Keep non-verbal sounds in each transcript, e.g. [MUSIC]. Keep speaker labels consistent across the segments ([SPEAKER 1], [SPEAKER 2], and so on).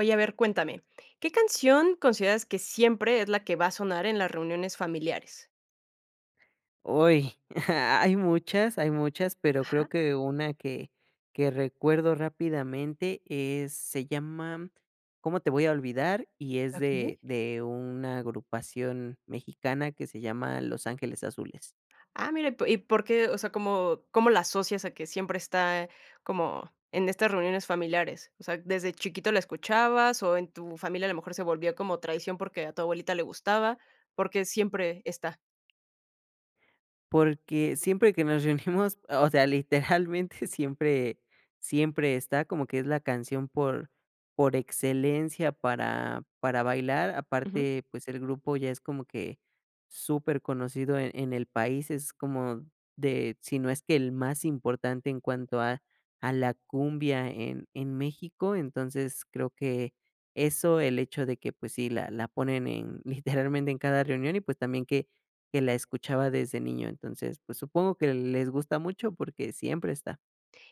[SPEAKER 1] Oye, a ver, cuéntame, ¿qué canción consideras que siempre es la que va a sonar en las reuniones familiares?
[SPEAKER 2] Uy, hay muchas hay muchas, pero, creo
[SPEAKER 1] Ajá.
[SPEAKER 2] que una que que recuerdo rápidamente es se llama, ¿cómo te voy a olvidar? Y es
[SPEAKER 1] Okey.
[SPEAKER 2] de de una agrupación mexicana que se llama Los Ángeles Azules.
[SPEAKER 1] Ah, mira, ¿y po y por qué? O sea, ¿cómo cómo la asocias a que siempre está como en estas reuniones familiares? O sea, ¿desde chiquito la escuchabas? ¿O en tu familia a lo mejor se volvía como traición porque a tu abuelita le gustaba? ¿Por qué, siempre está?
[SPEAKER 2] Porque siempre que nos reunimos, o sea, literalmente siempre siempre está como que es la canción por por excelencia para para bailar.
[SPEAKER 1] Ujú.
[SPEAKER 2] Aparte, pues, el grupo ya es como que superconocido en en el país, es como de, si no es que el más importante en cuanto a a la cumbia en en México. Entonces creo que eso el hecho de que pues, sí la la ponen en literalmente [CHUCKLES] en cada reunión y pues, también que que la escuchaba desde niño, entonces, pues, supongo que les gusta mucho porque siempre está.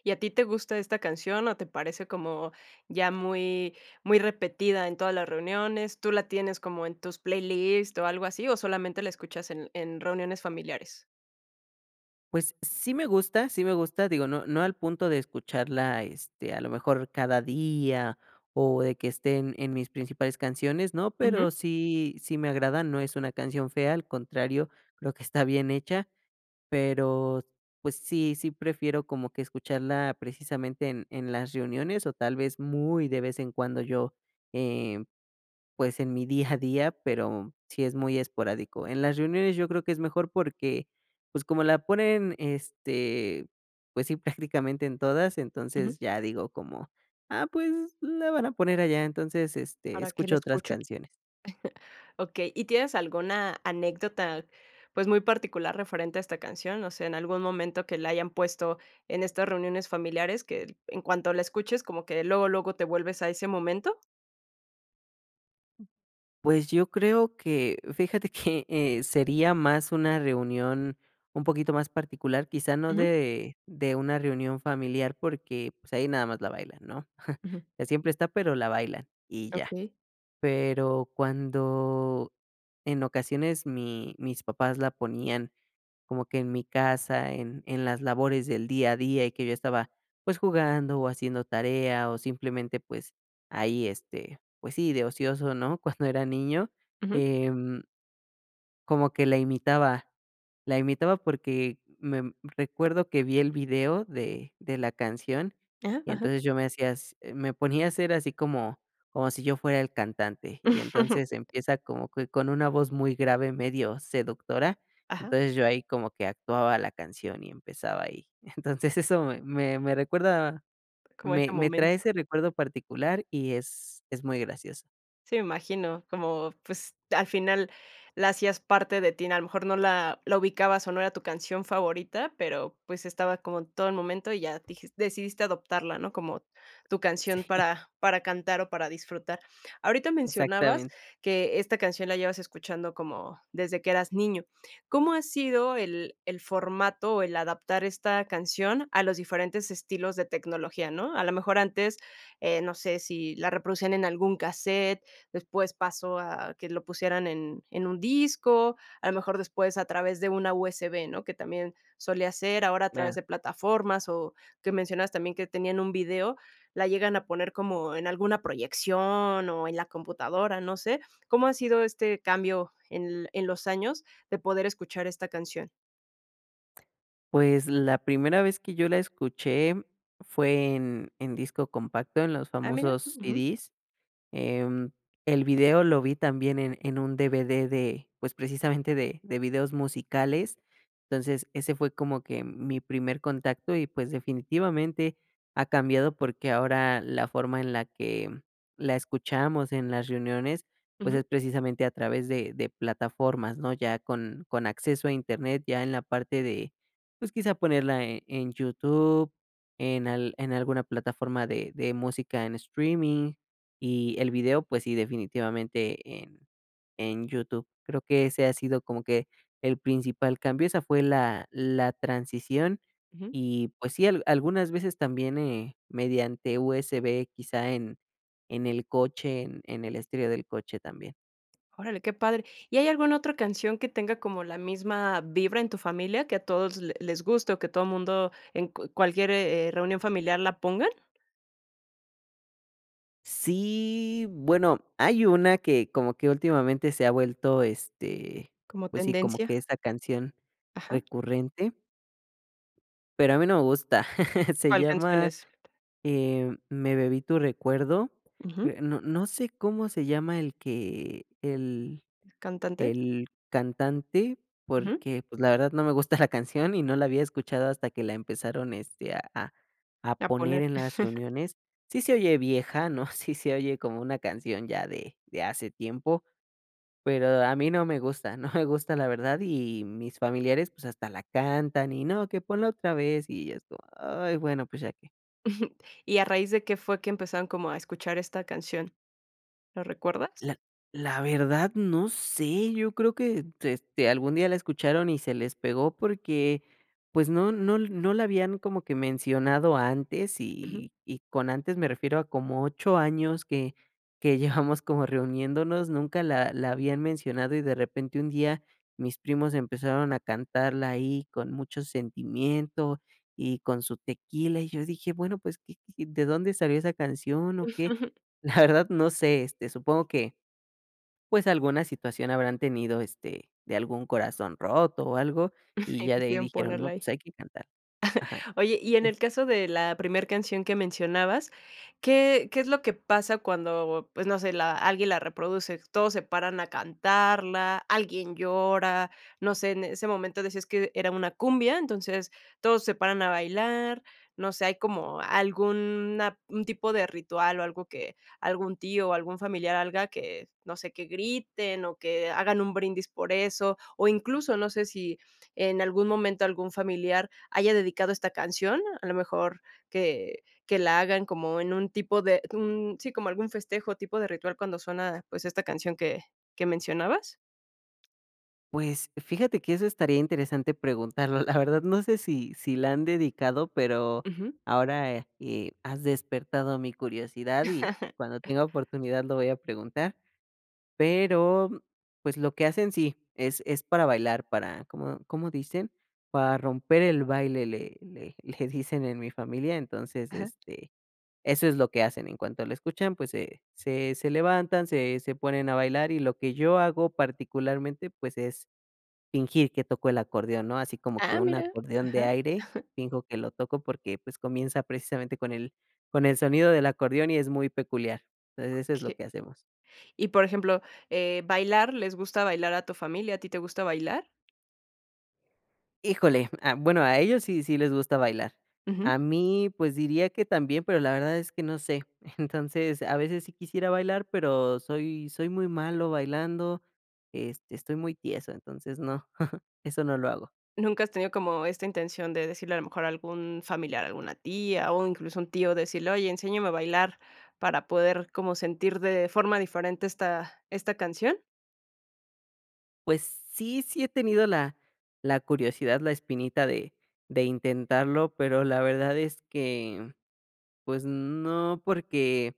[SPEAKER 1] ¿Y a ti te gusta esta canción, o te parece como ya muy muy repetida en todas las reuniones? ¿Tú la tienes como en tus playlist o algo así, o solamente la escuchas en en reuniones familiares?
[SPEAKER 2] Pues, sí me gusta sí me gusta, digo, no no al punto de escucharla, este, a lo mejor, cada día o de que estén, en mis principales canciones, ¿no?
[SPEAKER 1] Ujú.
[SPEAKER 2] Pero sí sí me agrada, no es una canción fea, al contrario, creo que está bien hecha, pero, pues, sí sí prefiero como que escucharla, precisamente, en en las reuniones, o tal vez, muy de vez en cuando yo, eh, pues, en mi día a día, [CHUCKLES] pero sí es muy esporádico. En las reuniones yo creo que es mejor porque, pues, como la ponen, este, pues sí, prácticamente en todas,
[SPEAKER 1] Ujú.
[SPEAKER 2] entonces ya digo como: "Ah, pues, la van a poner allá", entonces, este,
[SPEAKER 1] ¿Para qué le
[SPEAKER 2] escucho otras
[SPEAKER 1] escucho?
[SPEAKER 2] canciones.
[SPEAKER 1] [CHUCKLES] Okey, ¿y tienes alguna anécdota, pues, muy particular referente a esta canción? O sea, ¿en algún momento que la hayan puesto en estas reuniones familiares que, en cuanto la escuches, como que luego, luego te vuelves a ese momento?
[SPEAKER 2] Pues, yo creo que, fíjate, que [CHUCKLES] eh, sería más una reunión un poquito más particular, quizá no
[SPEAKER 1] Ujú.
[SPEAKER 2] de de una reunión familiar porque, pues, ahí nada más la bailan, ¿no? [CHUCKLES]
[SPEAKER 1] Ujú.
[SPEAKER 2] Siempre está, pero la bailan y ya.
[SPEAKER 1] Okey.
[SPEAKER 2] Pero cuando en ocasiones mi mis papás la ponían como que en mi casa, en en las labores del día a día, y que yo estaba, pues, jugando o haciendo tarea, o simplemente, pues, ahí, este, pues sí, de ocioso, ¿no? Cuando era niño,
[SPEAKER 1] Ujú.
[SPEAKER 2] em como que la imitaba. La imitaba porque me recuerdo que vi el video de de la canción,
[SPEAKER 1] Ajá,
[SPEAKER 2] y
[SPEAKER 1] ajá.
[SPEAKER 2] entonces yo me hací me ponía a hacer así como como si yo fuera el cantante, y entonces
[SPEAKER 1] [CHUCKLES]
[SPEAKER 2] empieza como que con una voz muy grave, medio seductora,
[SPEAKER 1] Ajá.
[SPEAKER 2] entonces yo ahí como que actuaba la canción y empezaba ahí, entonces eso me me recuerda,
[SPEAKER 1] Como este
[SPEAKER 2] me me trae
[SPEAKER 1] momento.
[SPEAKER 2] ese recuerdo particular y es es muy gracioso.
[SPEAKER 1] Sí, me imagino, como, pues, al final la hacías parte de ti, a lo mejor no la la ubicabas o no era tu canción favorita, pero, pues, estaba como en todo el momento y ya dijiste decidiste adoptarla, ¿no? Como tu canción
[SPEAKER 2] Sí.
[SPEAKER 1] para para cantar o para disfrutar. Ahorita mencionabas
[SPEAKER 2] Exactamente.
[SPEAKER 1] que esta canción la llevas escuchando como desde que eras niño, ¿cómo ha sido el el formato o el adaptar esta canción a los diferentes estilos de tecnología?, ¿no? A lo mejor antes, eh, no sé, si la reproducían en algún casete, después pasó a que lo pusieran en en un disco, a lo mejor después a través de una USB, ¿no? Que también solía ser, ahora a través
[SPEAKER 2] Claro.
[SPEAKER 1] de plataformas o que mencionas también que tenían un video, la llegan a poner como en alguna proyección o en la computadora, no sé, ¿cómo ha sido este cambio en en los años de poder escuchar esta canción?
[SPEAKER 2] Pues, la primera vez que yo la escuché fue en en disco compacto, en los
[SPEAKER 1] Ah mira,
[SPEAKER 2] famosos
[SPEAKER 1] ujú.
[SPEAKER 2] CDs. Eh, el video lo vi también en en un DVD de, pues, precisamente de de videos musicales, entonces ese fue como que mi primer contacto y, pues, definitivamente ha cambiado porque ahora la forma en la que la escuchamos en las reuniones, pues,
[SPEAKER 1] Ujú.
[SPEAKER 2] es precisamente a través de de plataformas, ¿no? Ya con con acceso a Internet, ya en la parte de, pues, quizá ponerla en en YouTube, en al en alguna plataforma de de música en streaming y el video, pues, sí, definitivamente en en YouTube. Creo que ese ha sido como que el principal cambio, esa fue la la transición
[SPEAKER 1] Ujú.
[SPEAKER 2] y, pues sí, algunas veces también, eh, mediante USB quizá en en el coche, en en el estilo del coche también.
[SPEAKER 1] Órale, qué padre, ¿y hay alguna otra canción que tenga como la misma vibra en tu familia, que a todos le les guste, o que todo mundo en cualquier, eh, reunión familiar la pongan?
[SPEAKER 2] Sí, bueno, hay una que como que últimamente se ha vuelto este,
[SPEAKER 1] Como
[SPEAKER 2] pues sí, como que
[SPEAKER 1] tendencia.
[SPEAKER 2] esa canción
[SPEAKER 1] Ajá.
[SPEAKER 2] recurrente pero a mí no me gusta. [LAUGHS] Se
[SPEAKER 1] ¿Cuál cancion
[SPEAKER 2] llama
[SPEAKER 1] es?
[SPEAKER 2] eh, "Me bebí tu recuerdo".
[SPEAKER 1] Ujú.
[SPEAKER 2] Eh, no no sé cómo se llama el que el
[SPEAKER 1] ¿El cantante?
[SPEAKER 2] el cantante,
[SPEAKER 1] Ujú.
[SPEAKER 2] porque pues, la verdad no me gusta la canción y no la había escuchado hasta que la empezaron este a a
[SPEAKER 1] A
[SPEAKER 2] poner
[SPEAKER 1] poner.
[SPEAKER 2] en las
[SPEAKER 1] [CHUCKLES]
[SPEAKER 2] reuniones. Sí se oye vieja, ¿no? [CHUCKLES] Sí se oye como una canción ya de de hace tiempo, pero a mí no me gusta [CHUCKLES] no me gusta la verdad y mis familiares pues, hasta la cantan y no que ponla otra vez, y ya es como, ay, bueno, pues, ya que.
[SPEAKER 1] [CHUCKLES] ¿Y a raíz de qué fue que empezaron como a escuchar esta canción? ¿Lo recuerdas?
[SPEAKER 2] La la verdad, no sé, yo creo que eh, este algún día la escucharon y se les pegó porque pues no no no la habían como que mencionado antes
[SPEAKER 1] Ujú.
[SPEAKER 2] y y y y con antes me refiero a como 8 años que que [CHUCKLES] llevamos como reuniéndonos, nunca la la habían mencionado y de repente un día mis primos empezaron a cantarla ahí, con mucho sentimiento y con su tequila y yo dije, bueno, pues, y, y, ¿de dónde salió esa canción o qué?
[SPEAKER 1] [CHUCKLES]
[SPEAKER 2] La verdad no sé, este supongo que, pues, alguna situación habrán tenido, este, de algún corazón roto o algo, y
[SPEAKER 1] [CHUCKLES] Y
[SPEAKER 2] ya de ahí
[SPEAKER 1] quisieron
[SPEAKER 2] dijeron:
[SPEAKER 1] ponerla
[SPEAKER 2] "No, pues,
[SPEAKER 1] ahí.
[SPEAKER 2] hay que cantar". Ajá,
[SPEAKER 1] [CHUCKLES] Oye, y en el caso de la primer canción que mencionabas, ¿qué qué es lo que pasa cuando, pues, no sé, la alguien la reproduce? Todos se paran a cantarla, alguien llora, no sé, en ese momento decías que era una cumbia, entonces todos se paran a bailar. No sé, ¿hay como algún a un tipo de ritual, o algo que algún tío o algún familiar haga, que no sé que griten o que hagan un brindis por eso? O incluso no sé si en algún momento algún familiar haya dedicado esta canción, a lo mejor que que la hagan como en un tipo de un sí, como algún festejo tipo de ritual cuando suena, pues, esta canción ¿que que mencionabas?
[SPEAKER 2] Pues, fíjate que eso estaría interesante preguntarlo, la [CHUCKLES] verdad, no sé, si si la han dedicado, pero,
[SPEAKER 1] Ujú.
[SPEAKER 2] ahora eh, has despertado mi curiosidad y cuando
[SPEAKER 1] [LAUGHS]
[SPEAKER 2] tenga oportunidad lo voy a preguntar, pero, pues, lo que hacen sí, es es para bailar, para, ¿cómo cómo dicen? Para romper el baile le le le dicen [CHUCKLES] en mi familia, entonces,
[SPEAKER 1] Ajá.
[SPEAKER 2] este, eso es lo que hacen. En cuanto lo escuchan, pues, se se levantan, se se ponen a bailar, y lo que yo hago particularmente, pues, es fingir que toco el acordeón, ¿no? Así como que
[SPEAKER 1] ¡Ah,
[SPEAKER 2] un
[SPEAKER 1] mira!
[SPEAKER 2] acordeón de
[SPEAKER 1] Ajá.
[SPEAKER 2] aire,
[SPEAKER 1] [CHUCKLES]
[SPEAKER 2] finjo que lo toco porque, pues, comienza precisamente con el con el sonido del acordeón y es muy peculiar. Entonces, eso es lo
[SPEAKER 1] Okey.
[SPEAKER 2] que hacemos.
[SPEAKER 1] Y por ejemplo, eh, ¿bailar les gusta bailar a tu familia? ¿A ti te gusta bailar?
[SPEAKER 2] Híjole, ah, bueno, a ellos sí sí les gusta bailar,
[SPEAKER 1] Ujú.
[SPEAKER 2] a mí, pues diría que también, pero la verdad es que no sé. [CHUCKLES] Entonces, a veces sí quisiera bailar, pero soy soy muy malo bailando, este, estoy muy tieso, entonces no, [CHUCKLES] eso no lo hago.
[SPEAKER 1] ¿Nunca has tenido como esta intención de decirle a lo mejor a algún familiar, alguna tía, o incluso un tío decirle: "Oye, enséñame a bailar para poder como sentir de forma diferente esta esta canción"
[SPEAKER 2] Pues sí, sí he tenido la la curiosidad, la espinita de de intentarlo, pero la verdad es que, pues no, porque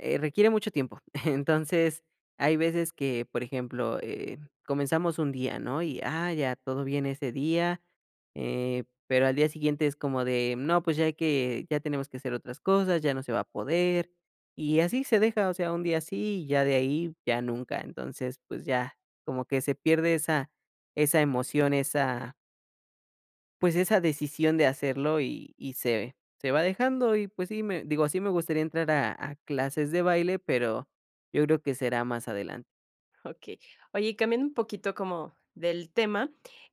[SPEAKER 2] eh, requiere mucho tiempo. [CHUCKLES] Entonces, hay veces que, por ejemplo, eh, comenzamos un día, ¿no? Y, ah, ya todo bien ese día, eh, pero al día siguiente es como de, no, pues, ya hay que, ya tenemos que hacer otras cosas, ya no se va a poder, y así se deja, o sea, un día así y ya de ahí ya nunca, entonces, pues ya, como que se pierde esa esa emoción, esa pues, esa decisión de hacerlo y y se va dejando, y pues sí me digo, sí me gustaría entrar a a clases de baile, pero yo creo que será más adelante.
[SPEAKER 1] Okey. Oye, y cambiando un poquito como del tema,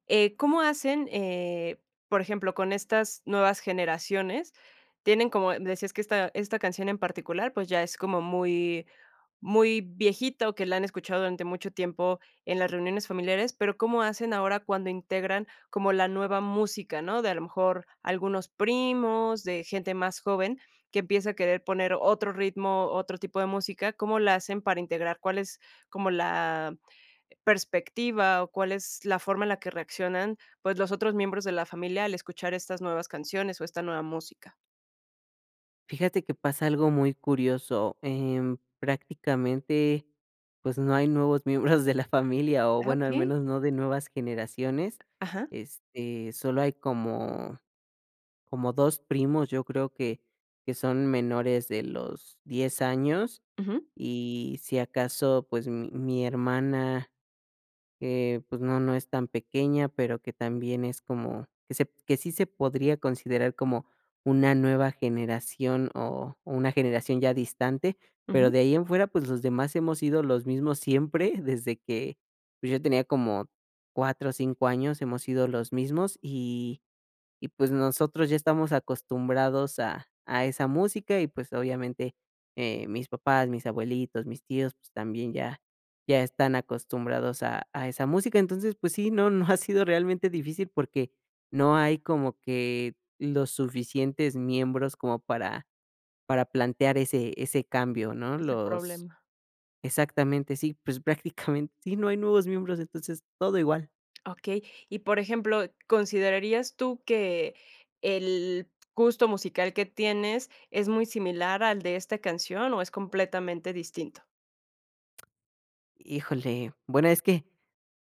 [SPEAKER 1] eh, ¿cómo hacen, eh, por ejemplo, con estas nuevas generaciones? Tienen, como decías, que esta esta canción en particular, pues, ya es como muy muy viejito, que la han escuchado durante mucho tiempo en las reuniones familiares, pero ¿cómo hacen ahora cuando integran como la nueva música, no? De a lo mejor algunos primos, de gente más joven, que empieza a querer poner otro ritmo, otro tipo de música, ¿cómo la hacen para integrar? ¿Cuál es como la perspectiva, o cuál es la forma en la que reaccionan? Pues, los otros miembros de la familia al escuchar estas nuevas canciones o esta nueva música.
[SPEAKER 2] Fíjate que pasa algo muy curioso, em, prácticamente, pues, no hay nuevos [CHUCKLES] miembros de la familia, o
[SPEAKER 1] Ah,
[SPEAKER 2] bueno, al
[SPEAKER 1] okey.
[SPEAKER 2] menos no de nuevas generaciones,
[SPEAKER 1] Ajá.
[SPEAKER 2] este, solo hay como como 2 primos, yo creo que que son menores de los 10 años,
[SPEAKER 1] Ujú.
[SPEAKER 2] y si acaso, pues, mi mi hermana eh, pues, no no es tan pequeña, pero, que también es como que se que sí, se podría considerar como una nueva generación o una generación ya distante, pero,
[SPEAKER 1] Ujú.
[SPEAKER 2] de ahí en fuera, pues, los demás hemos sido los mismos siempre, desde que, pues, yo tenía como 4, 5 años, hemos sido los mismos, y y pues, nosotros ya estamos acostumbrados a a esa música, y pues, obviamente, eh, mis papás, mis abuelitos, mis tíos, pues, también ya ya están acostumbrados a a esa música. Entonces, pues sí, no no ha sido realmente difícil porque no hay como que los suficientes miembros como para para plantear ese ese cambio, ¿no?
[SPEAKER 1] Ese
[SPEAKER 2] Los
[SPEAKER 1] problema.
[SPEAKER 2] exactamente sí, pues, prácticamente [CHUCKLES] sí, no hay nuevos miembros, entonces todo igual.
[SPEAKER 1] Okey. Y por ejemplo, ¿considerarías tú que el gusto musical que tienes es muy similar al de esta canción, o es completamente distinto?
[SPEAKER 2] Híjole, bueno, es que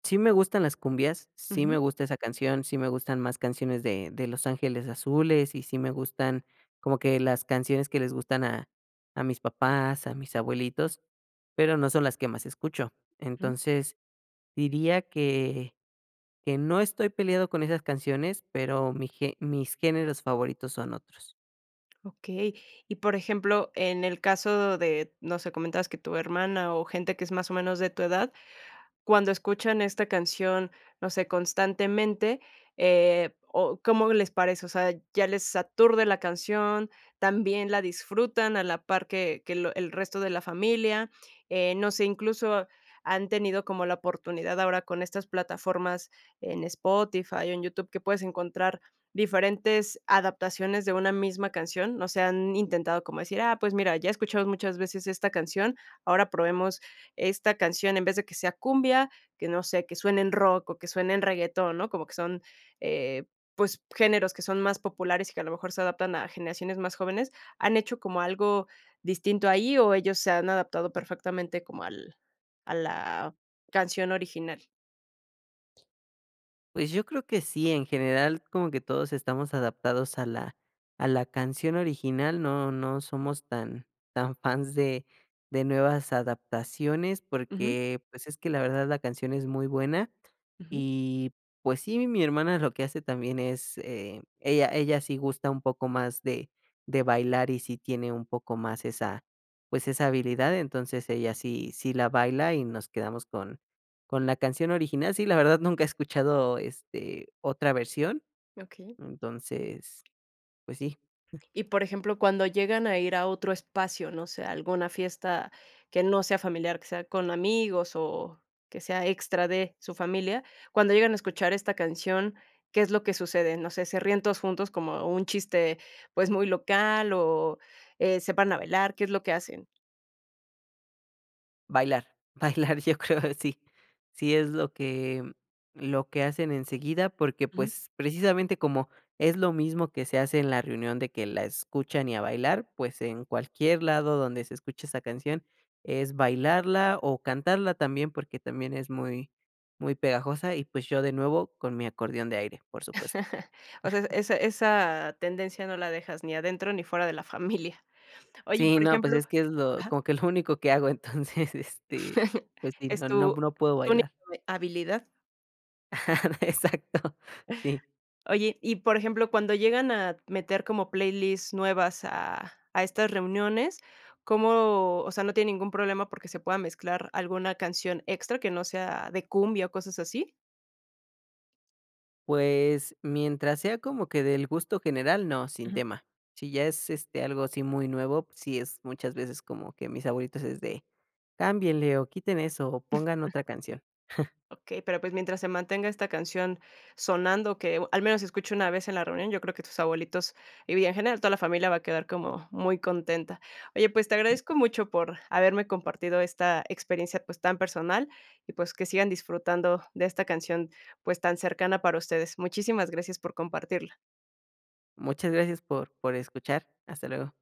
[SPEAKER 2] sí me gustan las cumbias, sí me
[SPEAKER 1] Ujú.
[SPEAKER 2] gusta esa canción, sí me gustan más canciones de de Los Ángeles Azules y sí me gustan como que las canciones que les gustan a a mis papás, a mis abuelitos, pero no son las que más escucho.
[SPEAKER 1] Mm.
[SPEAKER 2] Entonces, diría que que no estoy peleado con esas canciones, pero mi ge mis géneros favoritos son otros.
[SPEAKER 1] Okey. Y por ejemplo, en el caso de, no sé, comentabas que tu hermana o gente que es más o menos de tu edad, cuando escuchan esta canción, no sé, constantemente, eh, ¿o cómo les parece? O sea, ¿ya les aturde la canción? ¿También la disfrutan a la par que que lo el resto de la familia? Eh, no sé, incluso han tenido como la oportunidad ahora con estas plataformas en Spotify, en YouTube, que puedes encontrar diferentes adaptaciones de una misma canción. No sé, ¿han intentado como decir, ah, pues, mira, ya he escuchado muchas veces esta canción, ahora probemos esta canción, en vez de que sea cumbia, que no sé, que suene en rock, o que suene en reggaetón, ¿no? Como que son, eh, pues, géneros que son más populares y que a lo mejor se adaptan a generaciones más jóvenes, ¿han hecho como algo distinto ahí o ellos se han adaptado perfectamente como al a la canción original?
[SPEAKER 2] Pues, yo creo que sí, en general como que todos estamos adaptados a la a la canción original, no no somos tan tan fans de de nuevas adaptaciones
[SPEAKER 1] Ujú.
[SPEAKER 2] porque, pues, es que la verdad la canción es muy buena
[SPEAKER 1] Ujú.
[SPEAKER 2] y, pues, sí, mi hermana lo que hace también es eh, ella ella sí gusta un poco más de de bailar y sí tiene un poco más esa, pues, esa habilidad, entonces ella sí sí la baila y nos quedamos con con la canción original. Sí, la verdad nunca he escuchado, este, otra versión.
[SPEAKER 1] Okey.
[SPEAKER 2] Entonces, pues sí. [CHUCKLES]
[SPEAKER 1] Y por ejemplo, cuando llegan a ir a otro espacio, no sé, alguna fiesta que no sea familiar, que sea con amigos, o que sea extra de su familia, cuando llegan a escuchar esta canción, ¿qué es lo que sucede? No sé, ¿se ríen todos juntos como un chiste, pues, muy local, o eh, se paran a bailar, qué es lo que hacen?
[SPEAKER 2] Bailar, bailar yo creo sí. Sí es lo que lo que hacen enseguida porque,
[SPEAKER 1] Ujú.
[SPEAKER 2] pues, precisamente como es lo mismo que se hace en la reunión de que la escuchan y a bailar, pues, en cualquier lado donde se escucha esa canción es bailarla o cantarla también porque también es muy muy pegajosa y, pues, yo de nuevo con mi acordeón de aire, por supuesto.
[SPEAKER 1] [CHUCKLES] O sea,
[SPEAKER 2] [CHUCKLES]
[SPEAKER 1] esa esa tendencia no la dejas ni adentro ni fuera de la familia. [CHUCKLES] Oye, y
[SPEAKER 2] Sí,
[SPEAKER 1] por
[SPEAKER 2] no, pues
[SPEAKER 1] ejemplo
[SPEAKER 2] es que es lo
[SPEAKER 1] ajá.
[SPEAKER 2] como que lo único que hago entonces este,
[SPEAKER 1] [CHUCKLES]
[SPEAKER 2] pues sí,
[SPEAKER 1] Es
[SPEAKER 2] no no
[SPEAKER 1] tu
[SPEAKER 2] no puedo
[SPEAKER 1] única
[SPEAKER 2] bailar.
[SPEAKER 1] habilidad.
[SPEAKER 2] [CHUCKLES] Exacto, sí.
[SPEAKER 1] Oye, y por ejemplo, cuando llegan a meter como playlists nuevas a a estas reuniones, ¿cómo? O sea, ¿no tiene ningún problema porque, se pueda mezclar alguna canción extra que no sea de cumbia o cosas así?
[SPEAKER 2] Pues, mientras sea como que del gusto general, no, sin
[SPEAKER 1] Ujú.
[SPEAKER 2] tema. Si ya es, este, algo así muy nuevo, pues sí, es muchas veces como que mis abuelitos es de: "Cámbienle o quiten eso o pongan
[SPEAKER 1] [CHUCKLES]
[SPEAKER 2] otra canción". [CHUCKLES]
[SPEAKER 1] Okey, pero pues, mientras se mantenga esta canción sonando, que al menos escucho una vez en la reunión, yo creo que tus abuelitos y, bien, en general, toda la familia va a quedar como muy contenta. Oye, pues te
[SPEAKER 2] Sí.
[SPEAKER 1] agradezco mucho por haberme compartido esta experiencia, pues, tan personal, y, pues, que sigan disfrutando de esta canción, pues, tan cercana para ustedes. Muchísimas gracias por compartirla.
[SPEAKER 2] Muchas gracias por por escuchar. Hasta luego.